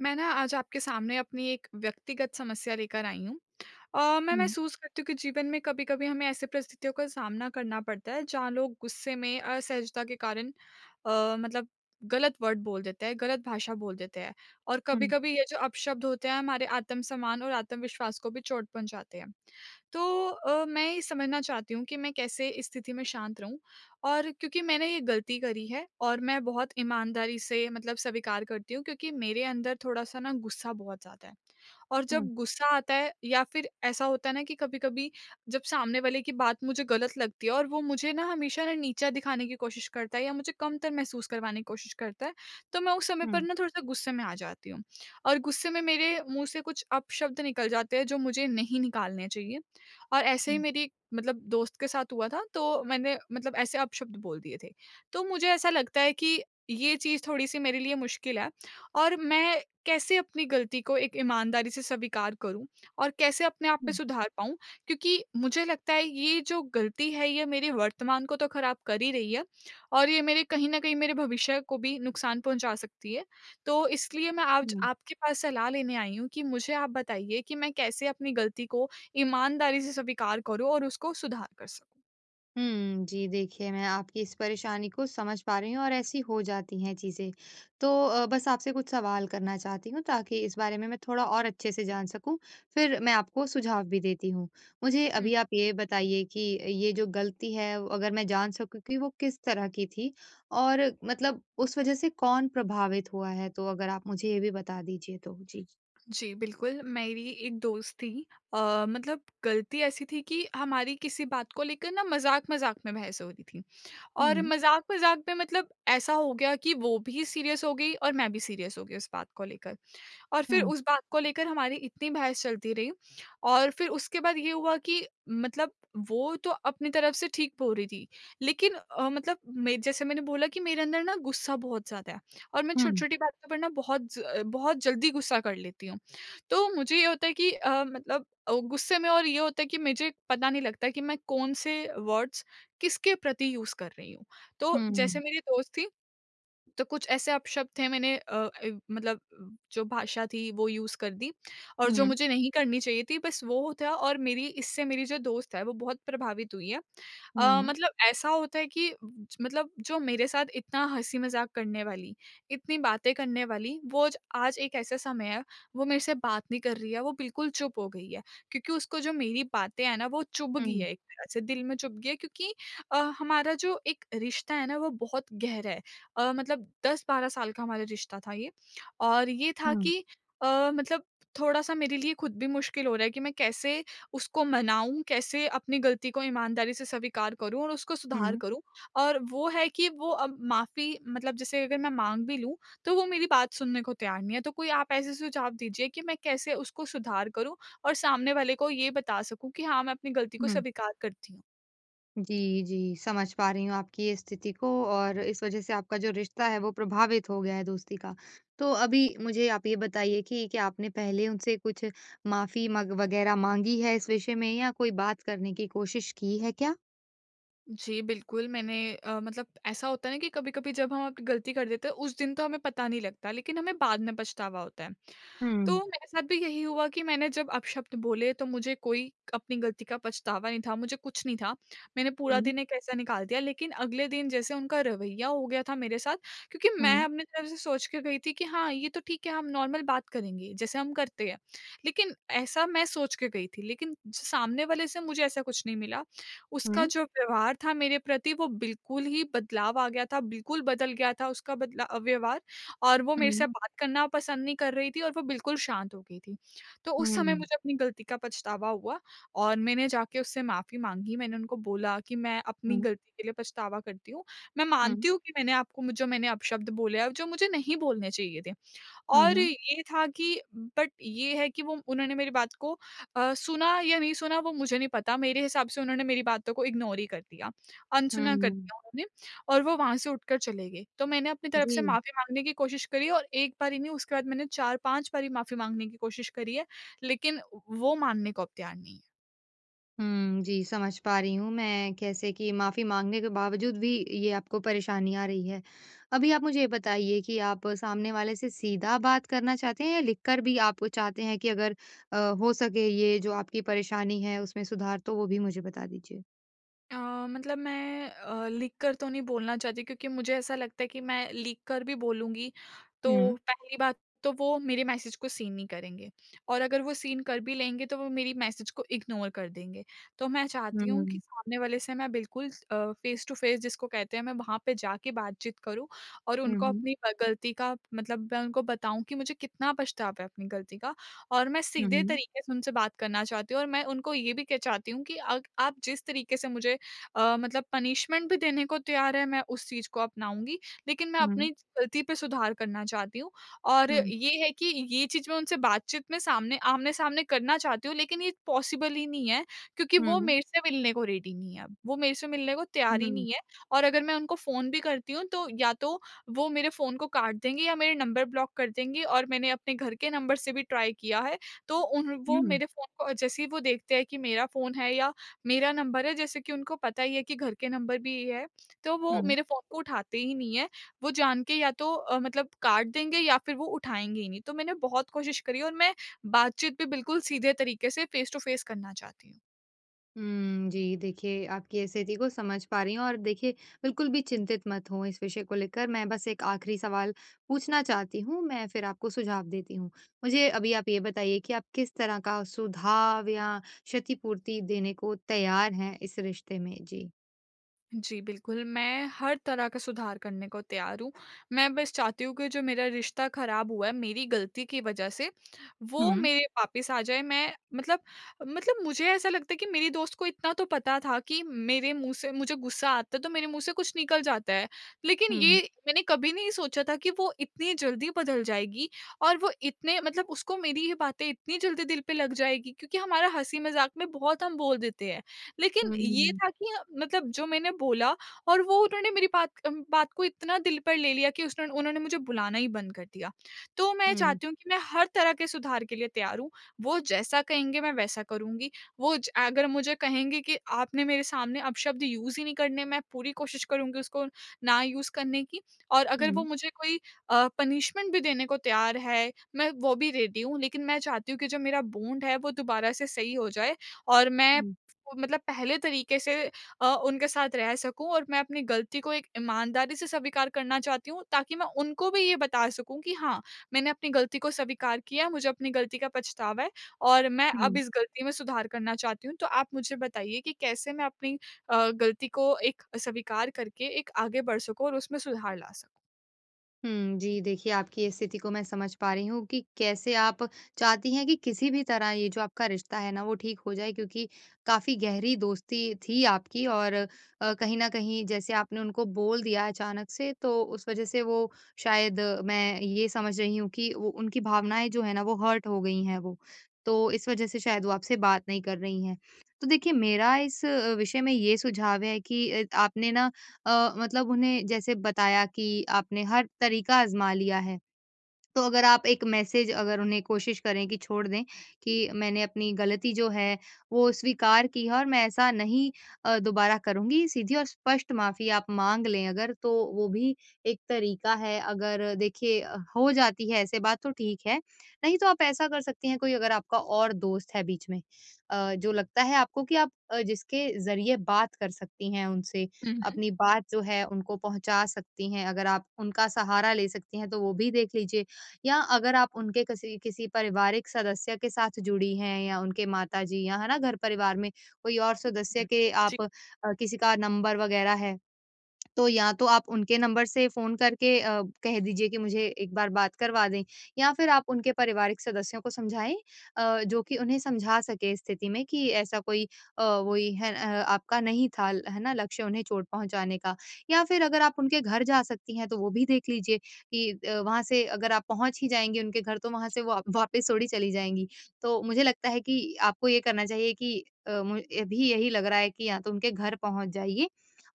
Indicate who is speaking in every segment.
Speaker 1: मैं ना आज आपके सामने अपनी एक व्यक्तिगत समस्या लेकर आई हूँ। अ, मैं
Speaker 2: हुँ।
Speaker 1: महसूस करती हूँ कि जीवन में कभी-कभी हमें ऐसी परिस्थितियों का सामना करना पड़ता है जहाँ लोग गुस्से में, असहजता के कारण अ, मतलब गलत वर्ड बोल देते हैं, गलत भाषा बोल देते हैं। और
Speaker 2: हुँ।
Speaker 1: कभी-कभी ये जो अपशब्द होते हैं हमारे आत्म-सम्मान और आत्मविश्वास को भी चोट पहुँचाते हैं। तो अ, मैं ये समझना चाहती हूँ कि मैं कैसे इस स्थिति में शांत रहूँ और क्योंकि मैंने ये गलती करी है और मैं बहुत ईमानदारी से मतलब स्वीकार करती हूँ क्योंकि मेरे अंदर थोड़ा-सा ना गुस्सा बहुत ज़्यादा है। और
Speaker 2: हुँ।
Speaker 1: जब गुस्सा आता है या फ़िर ऐसा होता है ना कि कभी-कभी जब सामने वाले की बात मुझे गलत लगती है और वो मुझे ना हमेशा ना नीचा दिखाने की कोशिश करता है या मुझे कमतर महसूस करवाने की कोशिश करता है। तो मैं उस समय पर
Speaker 2: हुँ।
Speaker 1: ना थोड़ा-सा गुस्से में आ जाती हूँ। और गुस्से में मेरे मुँह से कुछ अपशब्द निकल जाते हैं जो मुझे नहीं निकालने चाहिए। और ऐसे ही
Speaker 2: हुँ।
Speaker 1: मेरी मतलब दोस्त के साथ हुआ था तो मैंने मतलब ऐसे अपशब्द बोल दिए थे। तो मुझे ऐसा लगता है कि ये चीज़ थोड़ी-सी मेरे लिए मुश्किल है। और मैं कैसे अपनी गलती को एक ईमानदारी से स्वीकार करूँ और कैसे अपने आप में
Speaker 2: हुँ।
Speaker 1: सुधार पाऊँ? क्योंकि मुझे लगता है ये जो गलती है ये मेरे वर्तमान को तो ख़राब कर ही रही है और ये मेरे कहीं न कहीं मेरे भविष्य को भी नुकसान पहुँचा सकती है। तो इसलिए मैं आज
Speaker 2: हुँ।
Speaker 1: आपके पास सलाह लेने आई हूँ कि मुझे आप बताइए कि मैं कैसे अपनी गलती को ईमानदारी से स्वीकार करूँ और उसको सुधार कर सकूँ?
Speaker 2: हुँ। जी, देखिए मैं आपकी इस परेशानी को समझ पा रही हूँ और ऐसी हो जाती हैं चीज़ें। तो अ, बस आपसे कुछ सवाल करना चाहती हूँ ताकि इस बारे में मैं थोड़ा और अच्छे से जान सकूँ फिर मैं आपको सुझाव भी देती हूँ। मुझे
Speaker 1: हुँ।
Speaker 2: अभी आप ये बताइए कि ये जो गलती है अगर मैं जान सकूँ कि वो किस तरह की थी और मतलब उस वज़ह से कौन प्रभावित हुआ है? तो अगर आप मुझे ये भी बता दीजिए तो। जी।
Speaker 1: जी, बिल्कुल। मेरी एक दोस्त थी अ, मतलब गलती ऐसी थी कि हमारी किसी बात को लेकर ना मज़ाक-मज़ाक में बहस हो रही थी। और
Speaker 2: हुँ।
Speaker 1: मज़ाक-मज़ाक में मतलब ऐसा हो गया कि वो भी सीरियस हो गई और मैं भी सीरियस हो गई उस बात को लेकर। और फिर
Speaker 2: हुँ।
Speaker 1: उस बात को लेकर हमारी इतनी बहस चलती रही और फिर उसके बाद ये हुआ कि मतलब वो तो अपनी तरफ़ से ठीक बोल रही थी। लेकिन अ, मतलब जैसे मैंने बोला कि मेरे अंदर ना गुस्सा बहुत ज़्यादा है, और मैं
Speaker 2: हुँ।
Speaker 1: छोटी-छोटी बातों पर ना बहुत ज़ अ, बहुत जल्दी गुस्सा कर लेती हूँ। तो मुझे ये होता है कि अ, मतलब अ, गुस्से में और ये होता है कि मुझे पता नहीं लगता कि मैं कौन-से वर्ड्स किसके प्रति यूज़ कर रही हूँ। तो जैसे
Speaker 2: हुँ।
Speaker 1: मेरी दोस्त थी, तो कुछ ऐसे अपशब्द थे मैंने अ अ, मतलब उ जो भाषा थी वो यूज़ कर दी और जो
Speaker 2: हुँ।
Speaker 1: मुझे नहीं करनी चाहिए थी बस वो था और मेरी इससे मेरी जो दोस्त है वो बहुत प्रभावित हुई है। अ,
Speaker 2: हुँ।
Speaker 1: मतलब ऐसा होता है कि ज मतलब जो मेरे साथ इतना हँसी-मज़ाक करने वाली, इतनी बातें करने वाली, वो ज आज एक ऐसा समय है वो मेरे से बात नहीं कर रही है, वो बिल्कुल चुप हो गई है। क्योंकि उसको जो मेरी बातें हैं ना वो चुभ गई
Speaker 2: हुँ।
Speaker 1: है एक तरह से दिल में चुभ गई है। क्योंकि अ, हमारा जो एक रिश्ता है ना वो बहुत गहरा है अ, मतलब 10-12 साल का हमारा रिश्ता था ये। और ये था
Speaker 2: हुँ।
Speaker 1: कि अ, मतलब थोड़ा-सा मेरे लिए ख़ुद भी मुश्किल हो रहा है कि मैं कैसे उसको मनाऊँ, कैसे अपनी गलती को ईमानदारी से स्वीकार करूँ और उसको सुधार
Speaker 2: हुँ।
Speaker 1: करूँ। और वो है कि वो अब माफ़ी मतलब जैसे अगर मैं माँग भी लूँ, तो वो मेरी बात सुनने को तैयार नहीं है। तो कोई आप ऐसे सुझाव दीजिए कि मैं कैसे उसको सुधार करूँ और सामने वाले को ये बता सकूँ कि हाँ, मैं अपनी गलती को
Speaker 2: हुँ।
Speaker 1: स्वीकार करती हूँ।
Speaker 2: जी, जी, समझ पा रही हूँ आपकी ये स्थिति को और इस वजह से आपका जो रिश्ता है, वो प्रभावित हो गया है दोस्ती का। तो अभी मुझे आप ये बताइए कि क्या आपने पहले उनसे कुछ माफ़ी मग वगैरह माँगी है इस विषय में या कोई बात करने की कोशिश की है क्या?
Speaker 1: जी, बिल्कुल, मैंने अ, मतलब ऐसा होता है ना कि कभी-कभी जब हम अप गलती कर देते हैं, उस दिन तो हमें पता नहीं लगता, लेकिन हमें बाद में पछतावा होता है। तो
Speaker 2: हुँ।
Speaker 1: मेरे साथ भी यही हुआ कि मैंने जब अपशब्द बोले, तो मुझे कोई अपनी गलती का पछतावा नहीं था, मुझे कुछ नहीं था। मैंने पूरा
Speaker 2: हुँ।
Speaker 1: दिन एक ऐसा निकाल दिया, लेकिन अगले दिन जैसे उनका रवैया हो गया था मेरे साथ, क्योंकि मैं
Speaker 2: हुँ।
Speaker 1: अपनी तरफ से सोच के गई थी कि, "हाँ, ये तो ठीक है। हम नॉर्मल बात करेंगे, जैसे हम करते हैं।" लेकिन ऐसा मैं सोच के गई थी, लेकिन सामने वाले से मुझे ऐसा कुछ नहीं मिला। उसका
Speaker 2: हुँ।
Speaker 1: जो व्यवहार था मेरे प्रति, वो बिल्कुल ही बदलाव आ गया था, बिल्कुल बदल गया था उसका बदला अ, व्यवहार और वो मेरे
Speaker 2: हुँ।
Speaker 1: से बात करना पसंद नहीं कर रही थी और वो बिल्कुल शांत हो गई थी। तो उस समय
Speaker 2: हुँ।
Speaker 1: मुझे अपनी गलती का पछतावा हुआ और मैंने जाके उससे माफ़ी माँगी। मैंने उनको बोला कि, "मैं अपनी
Speaker 2: हुँ।
Speaker 1: गलती के लिए पछतावा करती हूँ। मैं
Speaker 2: हुँ।
Speaker 1: मानती हूँ कि मैंने आपको म जो मैंने अपशब्द बोले हैं, जो मुझे नहीं बोलने चाहिए थे।"
Speaker 2: हुँ,
Speaker 1: और
Speaker 2: हुँ।
Speaker 1: ये था कि बट ये है कि वो उन्होंने मेरी बात को अ, सुना या नहीं सुना, वो मुझे नहीं पता। मेरे हिसाब से उन्होंने मेरी बातों को इग्नोर ही कर दिया, अनसुना कर
Speaker 2: हुँ।
Speaker 1: दिया उन्होंने और वो वहाँ से उठकर चले गई। तो मैंने अपनी तरफ से
Speaker 2: जी।
Speaker 1: माफ़ी माँगने की कोशिश करी है और एक बार ही नहीं, उसके बाद मैंने 4-5 बारी माफ़ी माँगने की कोशिश करी है, लेकिन वो मानने को अब तैयार नहीं हैं।
Speaker 2: हुँ, जी। समझ पा रही हूँ मैं, कैसे कि माफी माँगने के बावजूद भी ये आपको परेशानी आ रही है। अभी आप मुझे ये बताइए कि आप सामने वाले से सीधा बात करना चाहते हैं? या लिखकर भी आप चाहते हैं कि अगर अ, हो सके ये जो आपकी परेशानी है उसमें सुधार? तो वो भी मुझे बता दीजिए।
Speaker 1: अ, मतलब मैं अ, लिख कर तो नहीं बोलना चाहती क्योंकि मुझे ऐसा लगता है कि मैं लिख कर भी बोलूँगी
Speaker 2: हुँ।
Speaker 1: तो पहली बात तो वो मेरे मैसेज को सीन नहीं करेंगे। और अगर वो सीन कर भी लेंगे तो वो मेरी मैसेज को इग्नोर कर देंगे। तो मैं चाहती हूँ कि
Speaker 2: हुँ।
Speaker 1: सामने वाले से ना बिल्कुल अ, फेस टू फेस जिसको कहते हैं मैं वहाँ पे जाके बातचीत करूँ। और
Speaker 2: हुँ,
Speaker 1: उनको
Speaker 2: हुँ।
Speaker 1: अपनी अ, गलती का मतलब मैं उनको बताऊँ कि मुझे कितना पछतावा है अपनी गलती का और मैं
Speaker 2: हुँ,
Speaker 1: सीधे
Speaker 2: हुँ।
Speaker 1: तरीके से उनसे बात करना चाहती हूँ। और मैं उनको ये भी के चाहती हूँ कि अग आप जिस तरीके से मुझे अ, मतलब पनिशमेंट भी देने को तैयार हैं, मैं उस चीज़ को अपनाऊँगी। लेकिन मैं
Speaker 2: हुँ।
Speaker 1: अपनी गलती पे सुधार करना चाहती हूँ। और
Speaker 2: हुँ।
Speaker 1: ये है कि ये चीज़ मैं उनसे बातचीत में सामने आमने-सामने करना चाहती हूँ। लेकिन ये पॉसिबल ही नहीं है क्योंकि वो
Speaker 2: हुँ।
Speaker 1: मेरे से मिलने को रेडी नहीं है अब। वो मेरे से मिलने को तैयार ही
Speaker 2: हुँ।
Speaker 1: नहीं है। और अगर मैं उनको फ़ोन भी करती हूँ तो या तो वो मेरे फ़ोन को काट देंगे या मेरे नंबर ब्लॉक कर देंगे। और मैंने अपने घर के नंबर से भी ट्राई किया है। तो उन वो
Speaker 2: हुँ।
Speaker 1: मेरे फ़ोन को जैसे ही वो देखते हैं कि मेरा फ़ोन है या मेरा नंबर है जैसे कि उनको पता ही है कि घर के नंबर भी है। तो वो
Speaker 2: हुँ।
Speaker 1: मेरे फ़ोन को उठाते ही नहीं हैं। वो जान के या तो अ, मतलब काट देंगे या फिर वो उठाएँगे ही नहीं। तो मैंने बहुत कोशिश करी और मैं बातचीत भी बिल्कुल सीधे तरीके से फेस टू फेस करना चाहती हूँ।
Speaker 2: उम, जी देखिए, आपकी स्थिति को समझ पा रही हूँ और देखिए बिल्कुल भी चिंतित मत हों इस विषय को लेकर। मैं बस एक आखिरी सवाल पूछना चाहती हूँ, मैं फिर आपको सुझाव देती हूँ। मुझे अभी आप ये बताइए कि आप किस तरह का सुधाब या क्षतिपूर्ति देने को तैयार हैं इस रिश्ते में? जी।
Speaker 1: जी, बिल्कुल। मैं हर तरह का सुधार करने को तैयार हूँ। मैं बस चाहती हूँ कि जो मेरा रिश्ता खराब हुआ है मेरी गलती की वजह से, वो
Speaker 2: हुँ।
Speaker 1: मेरे वापस आ जाए। मैं मतलब मतलब मुझे ऐसा लगता है कि मेरी दोस्त को इतना तो पता था कि मेरे मुँह से मुझे गुस्सा आता है तो मेरे मुँह से कुछ निकल जाता है, लेकिन ये
Speaker 2: हुँ।
Speaker 1: मैंने कभी नहीं सोचा था कि वो इतनी जल्दी बदल जाएगी और वो इतने मतलब उसको मेरी ये बातें इतनी जल्दी दिल पे लग जाएँगी क्योंकि हमारा हँसी-मज़ाक में बहुत हम बोल देते हैं। लेकिन ये
Speaker 2: हुँ।
Speaker 1: था कि ह मतलब जो मैंने बोला और वो उन्होंने मेरी बात क अम, बात को इतना दिल पर ले लिया कि उसने उन्होंने मुझे बुलाना ही बंद कर दिया। तो मैं
Speaker 2: हुँ।
Speaker 1: चाहती हूँ कि मैं हर तरह के सुधार के लिए तैयार हूँ। वो जैसा कहेंगे मैं वैसा करूँगी। वो ज अगर मुझे कहेंगे कि, "आपने मेरे सामने अपशब्द यूज़ ही नहीं करने।" मैं पूरी कोशिश करूँगी उसको ना यूज़ करने की और अगर वो
Speaker 2: हुँ।
Speaker 1: मुझे कोई अ, पनिशमेंट भी देने को तैयार है, मैं वो भी रेडी हूँ। लेकिन मैं चाहती हूँ कि जो मेरा बॉन्ड है, वो दोबारा से सही हो जाए और मैं
Speaker 2: हुँ।
Speaker 1: उसको मतलब पहले तरीके से अ, उनके साथ रह सकूँ और मैं अपनी गलती को एक ईमानदारी से स्वीकार करना चाहती हूँ ताकि मैं उनको भी ये बता सकूँ कि हाँ, मैंने अपनी गलती को स्वीकार किया है। मुझे अपनी गलती का पछतावा है और मैं अब
Speaker 2: हुँ।
Speaker 1: इस गलती में सुधार करना चाहती हूँ। तो आप मुझे बताइए कि कैसे मैं अपनी अ, गलती को एक अ, स्वीकार करके एक आगे बढ़ सकूँ और उसमें सुधार ला सकूँ?
Speaker 2: हुँ जी, देखिए आपकी स्थिति को मैं समझ पा रही हूँ कि कैसे आप चाहती हैं कि किसी भी तरह ये जो आपका रिश्ता है ना वो ठीक हो जाए क्योंकि काफ़ी गहरी दोस्ती थी आपकी और अ, कहीं न कहीं जैसे आपने उनको बोल दिया अचानक से तो उस वज़ह से वो शायद मैं ये समझ रही हूँ कि वो उनकी भावनाएँ जो हैं ना वो हर्ट हो गई हैं वो, तो इस वज़ह से शायद वो आपसे बात नहीं कर रही हैं। तो देखिए मेरा इस अ, विषय में ये सुझाव है कि अ, आपने ना अ, मतलब उन्हें जैसे बताया कि आपने हर तरीका आज़मा लिया है। तो अगर आप एक मैसेज अगर उन्हें कोशिश करें कि छोड़ दें कि मैंने अपनी गलती जो है वो स्वीकार की है और मैं ऐसा नहीं अ, दोबारा करुँगी, सीधी और स्पष्ट माफ़ी आप माँग लें अगर तो वो भी एक तरीका है। अगर देखिए हो जाती है ऐसे बात तो ठीक है, नहीं तो आप ऐसा कर सकती हैं कोई अगर आपका और दोस्त है बीच में अ, जो लगता है आपको कि आप अ, जिसके ज़रिए बात कर सकती हैं उनसे,
Speaker 1: हुँ, हुँ।
Speaker 2: अपनी बात जो है उनको पहुँचा सकती हैं, अगर आप उनका सहारा ले सकती हैं तो वो भी देख लीजिए। या अगर आप उनके कसी किसी पारिवारिक सदस्य के साथ जुड़ी हैं या उनके माता जी या है ना घर परिवार में कोई और सदस्य
Speaker 1: हुँ
Speaker 2: के
Speaker 1: जी।
Speaker 2: आप अ, किसी का नंबर वग़ैरह है, तो या तो आप उनके नंबर से फ़ोन करके अ, कह दीजिए कि मुझे एक बार बात करवा दें। या फिर आप उनके पारिवारिक सदस्यों को समझाएँ अ, जो कि उन्हें समझा सकें स्थिति में कि ऐसा कोई अ, वोई है अ आपका नहीं था है ना लक्ष्य उन्हें चोट पहुँचाने का या फिर अगर आप उनके घर जा सकती हैं तो वो भी देख लीजिए कि अ, वहाँ से अगर आप पहुँच ही जाएँगी उनके घर तो वहाँ से वा वापस थोड़ी चली जाएँगी। तो मुझे लगता है कि आपको ये करना चाहिए कि अ, मु अभी यही लग रहा है कि या तो उनके घर पहुँच जाइए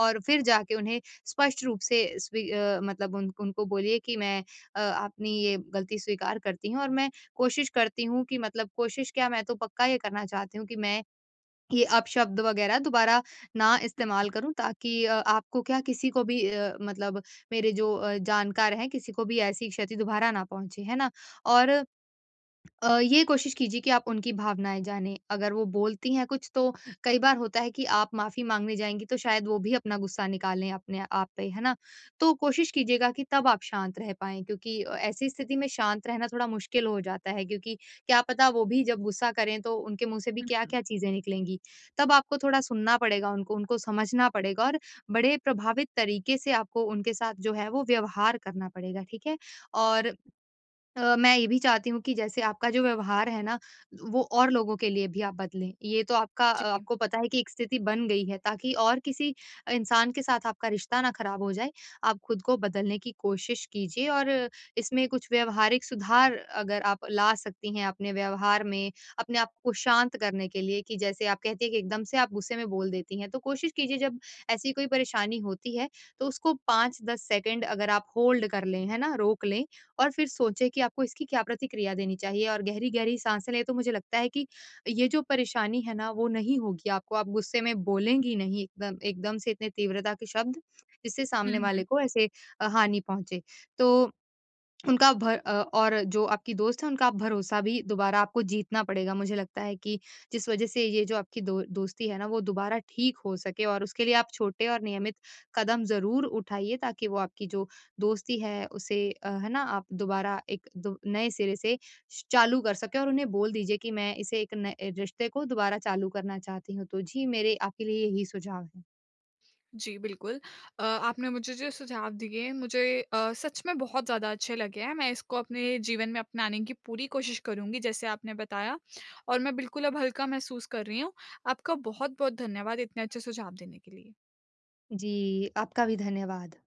Speaker 2: और फिर जाके उन्हें स्पष्ट रूप से स्वी अ, मतलब उनक उनको बोलिए कि मैं अ, अपनी ये गलती स्वीकार करती हूँ और मैं कोशिश करती हूँ कि मतलब कोशिश क्या मैं तो पक्का ये करना चाहती हूँ कि मैं ये अपशब्द वग़ैरह दोबारा ना इस्तेमाल करूँ ताकि अ, आपको क्या किसी को भी अ, मतलब मेरे जो अ, जानकार हैं किसी को भी ऐसी क्षति दोबारा ना पहुँचे। है ना? और अ, ये कोशिश कीजिए कि आप उनकी भावनाएँ जानें। अगर वो बोलती हैं कुछ तो कई बार होता है कि आप माफ़ी माँगने जाएँगी तो शायद वो भी अपना गुस्सा निकालें अपने आप पे। है ना? तो कोशिश कीजिएगा कि तब आप शांत रह पाएँ क्योंकि अ, ऐसी स्थिति में शांत रहना थोड़ा मुश्किल हो जाता है क्योंकि क्या पता वो भी जब गुस्सा करें तो उनके मुँह से भी
Speaker 1: हुँ, हुँ।
Speaker 2: क्या-क्या चीज़ें निकलेंगी। तब आपको थोड़ा सुनना पड़ेगा उनको, उनको समझना पड़ेगा और बड़े प्रभावित तरीके से आपको उनके साथ जो है वो व्यवहार करना पड़ेगा। ठीक है? और अ, मैं ये भी चाहती हूँ कि जैसे आपका जो व्यवहार है ना वो और लोगों के लिए भी आप बदलें। ये तो आपका अ,
Speaker 1: जी।
Speaker 2: आपको पता है कि एक स्थिति बन गई है ताकि और किसी इंसान के साथ आपका रिश्ता ना ख़राब हो जाए, आप खुद को बदलने की कोशिश कीजिए। और इसमें कुछ व्यावहारिक सुधार अगर आप ला सकती हैं अपने व्यवहार में, अपने आप को शांत करने के लिए कि जैसे आप कहती हैं कि एकदम से आप गुस्से बोल देती हैं, तो कोशिश कीजिए जब ऐसी कोई परेशानी होती है तो उसको 5-10 सेकंड अगर आप होल्ड कर लें, है ना? रोक लें और फिर सोचें कि आपको इसकी क्या प्रतिक्रिया देनी चाहिए और गहरी-गहरी साँसे लें तो मुझे लगता है कि ये जो परेशानी है ना वो नहीं होगी आपको, आप गुस्से में बोलेंगी नहीं इतना एकदम से इतने तीव्रता के शब्द, जिससे
Speaker 1: हुँ,
Speaker 2: सामने
Speaker 1: हुँ।
Speaker 2: वाले को ऐसे अ, हानि पहुँचे। तो उनका भर अ, और जो आपकी दोस्त है उनका भरोसा भी दोबारा आपको जीतना पड़ेगा, मुझे लगता है कि जिस वज़ह से ये जो आपकी दो दोस्ती है ना वो दोबारा ठीक हो सके और उसके लिए आप छोटे और नियमित कदम ज़रूर उठाइए ताकि वो आपकी जो दोस्ती है उसे अ, है ना? आप दोबारा एक दो नए सिरे से श चालू कर सकें। और उन्हें बोल दीजिए कि मैं इसे एक नए रिश्ते को दोबारा चालू करना चाहती हूँ। तो जी मेरे आपके लिए यही सुझाव हैं।
Speaker 1: जी बिल्कुल। अ, आपने मुझे जो सुझाव दिए हैं मुझे अ, सच में बहुत ज़्यादा अच्छे लगे हैं। मैं इसको अपने जीवन में अपनाने की पूरी कोशिश करुँगी जैसे आपने बताया। और मैं बिल्कुल अब हल्का महसूस कर रही हूँ। आपका बहुत-बहुत धन्यवाद इतने अच्छे सुझाव देने के लिए।
Speaker 2: जी। आपका भी धन्यवाद।